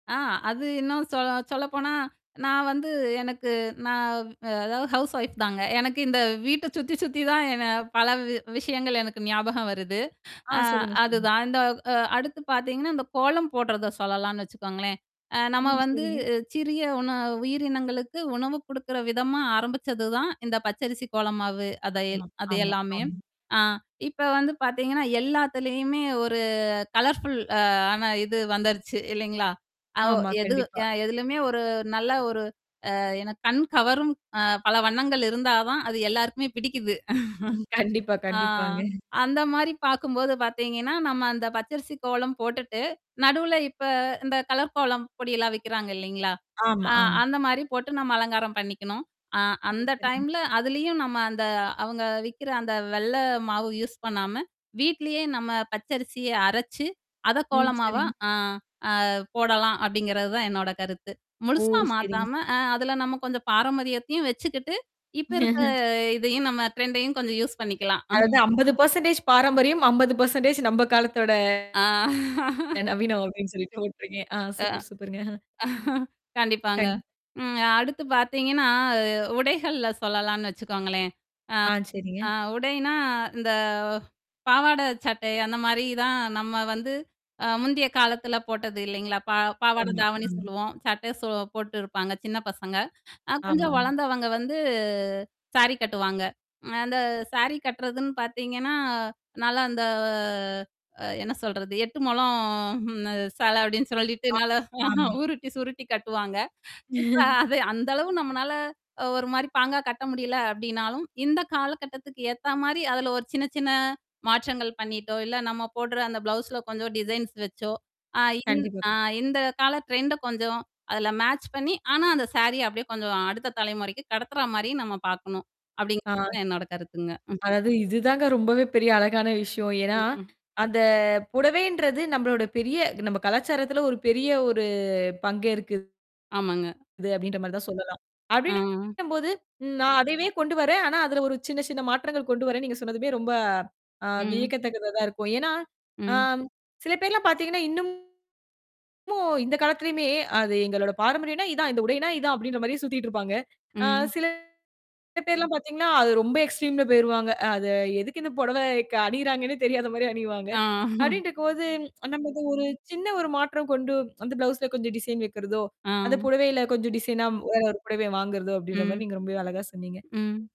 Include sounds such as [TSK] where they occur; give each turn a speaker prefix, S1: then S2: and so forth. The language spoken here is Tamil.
S1: அ, அது இன்னும் சொல்ல சொல்லப்போனா, நான் வந்து எனக்கு நான், அதாவது ஹவுஸ் வைஃப்தாங்க. எனக்கு இந்த வீட்டைச் சுத்தி சுத்தி தான் என்ன பல வி விஷயங்கள் எனக்கு ஞாபகம் வருது.
S2: ஆ.
S1: அ
S2: சொல்லுங்க. சொல்லுங்க.
S1: அதுதான். இந்த அ அடுத்து பாத்தீங்கன்னா, அந்தக் கோலம் போடுறத சொல்லலாம்னு வச்சுக்கோங்களேன். அ நம்ம
S2: ம்.
S1: வந்து
S2: சரிங்க.
S1: சிறிய உண உயிரினங்களுக்கு உணவு குடுக்கிற விதமா ஆரம்பிச்சதுதான், இந்தப் பச்சரிசி கோலம் மாவு. அது
S2: ஆமா,
S1: எல் அது
S2: ஆமா,
S1: எல்லாமே.
S2: ஆமா.
S1: அ. இப்போ வந்து பாத்தீங்கன்னா, எல்லாத்துலயும் ஒரு கலர்ஃபுல் ஆன இது வந்துருச்சு. இல்லீங்களா? அ ஒ
S2: ஆமா.
S1: எது
S2: கண்டிப்பா.
S1: எதுலயுமே ஒரு நல்ல ஒரு அ என்ன கண் கவரும் அ பல வண்ணங்கள் இருந்தாதான், அது எல்லாருக்குமே பிடிக்குது. [CHUCKLES]
S2: கண்டிப்பா,
S1: ஆ.
S2: கண்டிப்பாங்க.
S1: அந்த மாரி பார்க்கும்போது பாத்தீங்கன்னா, நம்ம அந்தப் பச்சரிசி கோலம் போட்டுட்டு, நடுவுல இப்போ, இந்தக் கலர் கோலம் பொடி எல்லாம் விக்கிறாங்க, இல்லீங்களா?
S2: ஆமா,
S1: அ
S2: ஆமா.
S1: அந்த மாரி போட்டு நம்ம அலங்காரம் பண்ணிக்கணும். அ
S2: ம்.
S1: அந்த
S2: சரிங்க.
S1: டைம்ல அதுலயும் நம்ம அந்த அவங்க விக்கிற அந்த வெள்ளை மாவு யூஸ் பண்ணாம, வீட்டிலேயே நம்ம பச்சரிசியை அரைச்சு, அத
S2: ம்.
S1: கோலம் மாவா
S2: சரிங்க.
S1: அ அ போடலாம். அப்பிடிங்கறது தான் என்னோட கருத்து.
S2: ஓ.
S1: முழுசா
S2: சரிங்க.
S1: மாத்தாம, அ அதுல நம்ம கொஞ்சம் பாரம்பரியத்தையும் வச்சுக்கிட்டு, இப்ப இருக்க
S2: [LAUGHS]
S1: இதுயும் நம்ம ட்ரெண்டையும் கொஞ்சம் யூஸ் பண்ணிக்கலாம்.
S2: அதாவது
S1: [CHUCKLES]
S2: 50% பாரம்பரியம், 50% நம்ம காலத்தோட
S1: ஆ. [LAUGHS]
S2: நவீனம் ஓகே அப்பிடின்னு சொல்லிட்டு ஓட்டுறீங்க. ஆ,
S1: ஆ.
S2: சூப்பர், சூப்பருங்க. [CHUCKLES]
S1: [CHUCKLES] கண்டிப்பாங்க.
S2: கண்
S1: ம் அடுத்து பாத்தீங்கன்னா, அ உடைகள்ல சொல்லலாம்னு வச்சுக்கோங்களேன்.
S2: ஆ. சரிங்க.
S1: அ அ உடைனா இந்தப் பாவாடை, சட்டை. அந்த மாரி தான், நம்ம வந்து அ முந்திய காலத்துல போட்டது, இல்லைங்களா? பா பாவாடை,
S2: ஆமா,
S1: தாவணி
S2: ம்.
S1: சொல்லுவோம். சட்டை சோ போட்டு இருப்பாங்க, சின்னப் பசங்க. அ கொஞ்சம்
S2: ஆமாங்க.
S1: வளர்ந்தவங்க வந்து சாரி கட்டுவாங்க. அந்த சாரி கட்டுறதுன்னு பாத்தீங்கன்னா, நல்லா அந்த அ என்ன சொல்றது? 8 மொழம் அந்த சேலை அப்பிடின்னு சொல்லிட்டு,
S2: ஆமா.
S1: நல்லா
S2: ஆமா.
S1: உருட்டி, சுருட்டி கட்டுவாங்க. இப்ப
S2: [CHUCKLES]
S1: அது அந்த அளவு நம்மளால ஒரு மாரி பாங்கா கட்ட முடியல அப்பிடின்னாலும், இந்தக் காலகட்டத்துக்கு ஏத்தா மாரி, அதுல ஒரு சின்ன சின்ன மாற்றங்கள் பண்ணிட்டோ, இல்ல. நாம போடுற அந்தப் பிளவுஸ்ல கொஞ்சம் டிசைன் வச்சோ. ஆ இந்
S2: கண்டிப்பா.
S1: அ
S2: கண்
S1: இந்தக் கால ட்ரெண்ட கொஞ்சம் அதுல மேட்ச் பண்ணி, ஆனா, அந்த சேரிய அப்படியே கொஞ்சம் அடுத்த தலைமுறைக்கு கடத்துற மாரி, நாம பாக்கணும்,
S2: ஆ.
S1: அப்படிங்கறது தான் என்னோட கருத்துங்க. [CHUCKLES]
S2: அதாவது, இதுதாங்க ரொம்பவே பெரிய அழகான விஷயம். ஏன்னா,
S1: ம்.
S2: அந்தப் புடவைன்றது நம்மளோட பெரிய நம்ம கலாச்சாரத்துல ஒரு பெரிய ஒரு பங்கேற்க்குது
S1: ஆமாங்க.
S2: அப்பிடின்ற மாரிதான் சொல்லலாம்.
S1: அ.
S2: அப்பிடின்னும்போது, ம் நான் அதைவே கொண்டுவரேன். ஆனா, அதுல ஒரு சின்ன, சின்ன மாற்றங்கள் கொண்டுவரேன்னு நீங்கச் சொன்னதுவே ரொம்ப அ
S1: ம்.
S2: வியக்கத்தக்கதா தான் இருக்கும். ஏன்னா, அ
S1: ம்.
S2: சில பேர்லாம் பார்த்தீங்கன்னா, இன்னுமும் இந்தக் காலத்துலயுமே அது எங்களோட பாரம்பரியம்னா இதுதான், இந்த உடைனா இதுதான் அப்பிடின்ற மாரி சுத்திட்டு இருப்பாங்க. ஆ
S1: ம்.
S2: சில பேர்லாம் பார்த்தீங்கன்னா, அது ரொம்ப எக்ஸ்ட்ரீம்ல போயிருவாங்க. அத, எதுக்கு இந்தப் புடவை க அணியிறாங்கன்னே தெரியாத மாரி அணிவாங்க.
S1: ஆ. [CHUCKLES]
S2: அப்பிடின்டிருக்கும்போது, [TSK] நம்ம இந்த ஒரு சின்ன ஒரு மாற்றம் கொண்டு அந்தப் பிளவுஸ் கொஞ்சம் டிசைன் வைக்கிறதோ, அந்தப்
S1: அ.
S2: புடவைல கொஞ்சம் டிசைனா, வேற ஒரு புடவைய வாங்குறதோ அப்பிடின்ற
S1: ம்.
S2: மாரி, நீங்க ரொம்பவே அழகா சொன்னீங்க.
S1: ம்.